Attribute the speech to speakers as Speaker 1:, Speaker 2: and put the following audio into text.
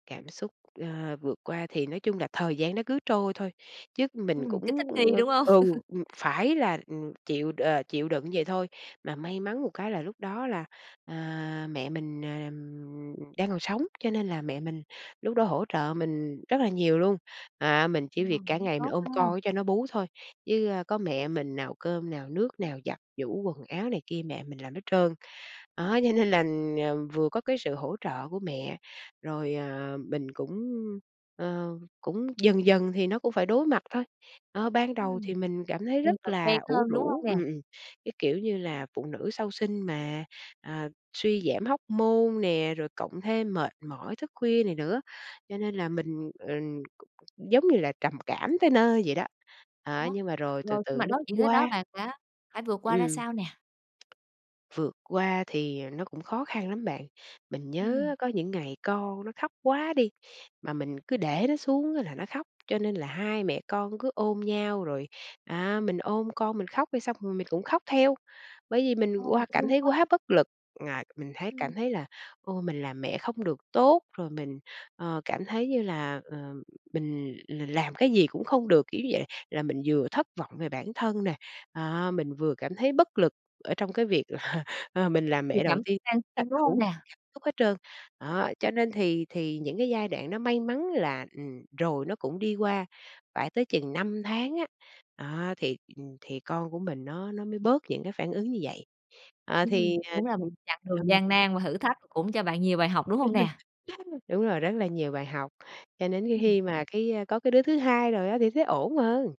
Speaker 1: Cảm xúc, ơ, vượt qua thì nói chung là thời gian nó cứ trôi thôi, chứ mình
Speaker 2: Ừm, cái thích
Speaker 1: cũng,
Speaker 2: nghi,
Speaker 1: ưm
Speaker 2: đúng hông?
Speaker 1: ừ, ừm, phải là, ừm, chịu đ chịu đựng vậy thôi. Mà may mắn một cái là lúc đó là, à, mẹ mình, ờ, ừm, đang còn sống, cho nên là mẹ mình lúc đó hỗ trợ mình rất là nhiều luôn. À, mình
Speaker 2: Ờ,
Speaker 1: chỉ việc cả
Speaker 2: vẫn
Speaker 1: ngày mình
Speaker 2: tốt
Speaker 1: ôm
Speaker 2: ha.
Speaker 1: con cho nó bú thôi, với, ơ, có mẹ mình nào cơm, nào nước, nào giặt giũ quần áo này kia, mẹ mình làm hết trơn. Đó, cho nên là, ờ, vừa có cái sự hỗ trợ của mẹ, rồi, ờ, mình cũng, ờ, cũng dần dần thì nó cũng phải đối mặt thôi. Đó, ban đầu
Speaker 2: Ừm,
Speaker 1: thì mình cảm thấy
Speaker 2: thì
Speaker 1: rất
Speaker 2: dần quen
Speaker 1: là ủ
Speaker 2: hơn, đúng hông
Speaker 1: rũ,
Speaker 2: nè?
Speaker 1: ừm, ừm, cái kiểu như là, phụ nữ sau sinh mà, à, suy giảm hormone nè, rồi cộng thêm mệt mỏi thức khuya này nữa, cho nên là mình, ừm, giống như là trầm cảm tới nơi vậy đó. Á,
Speaker 2: Đó,
Speaker 1: nhưng mà rồi từ
Speaker 2: rồi khi
Speaker 1: từ
Speaker 2: mà
Speaker 1: nó
Speaker 2: đối diện
Speaker 1: cũng
Speaker 2: tới đó
Speaker 1: qua.
Speaker 2: bạn đã đã vượt qua ra
Speaker 1: Ừm.
Speaker 2: sao nè?
Speaker 1: Vượt qua thì nó cũng khó khăn lắm bạn. Mình
Speaker 2: Ừm.
Speaker 1: nhớ có những ngày con nó khóc quá đi, mà mình cứ để nó xuống là nó khóc. Cho nên là hai mẹ con cứ ôm nhau, rồi, à, mình ôm con mình khóc đi, xong rồi mình cũng khóc theo. Bởi vì mình
Speaker 2: Ờ,
Speaker 1: qua cảm
Speaker 2: thương
Speaker 1: thấy
Speaker 2: quá!
Speaker 1: quá bất lực, à, mình thấy
Speaker 2: Ừm.
Speaker 1: cảm thấy là ôi, mình làm mẹ không được tốt. Rồi mình, ờ, cảm thấy như là, ờ, mình l làm cái gì cũng không được, kiểu như vậy. Là mình vừa thất vọng về bản thân nè, à, mình vừa cảm thấy bất lực ở trong cái việc là, ờ, mình làm
Speaker 2: Nhiều
Speaker 1: mẹ đầu
Speaker 2: cảm
Speaker 1: tiên
Speaker 2: đan
Speaker 1: á
Speaker 2: xen, đúng
Speaker 1: đủ
Speaker 2: hông nè?
Speaker 1: thứ cảm xúc hết trơn. Đó, cho nên thì thì những cái giai đoạn nó may mắn là, ừm, rồi nó cũng đi qua, phải tới chừng 5 tháng á, đó, thì, ừm, thì con của mình nó nó mới bớt những cái phản ứng như vậy. Ờ, thì,
Speaker 2: Ừm,
Speaker 1: ờ
Speaker 2: đúng là một
Speaker 1: ừm,
Speaker 2: chặng đường
Speaker 1: ừm.
Speaker 2: gian nan và thử thách, cũng cho bạn nhiều bài học, đúng hông nè?
Speaker 1: Đúng rồi, rất là nhiều bài học. Cho đến cái
Speaker 2: Ừm.
Speaker 1: khi mà cái, a, có cái đứa thứ 2 rồi á, thì thấy ổn hơn.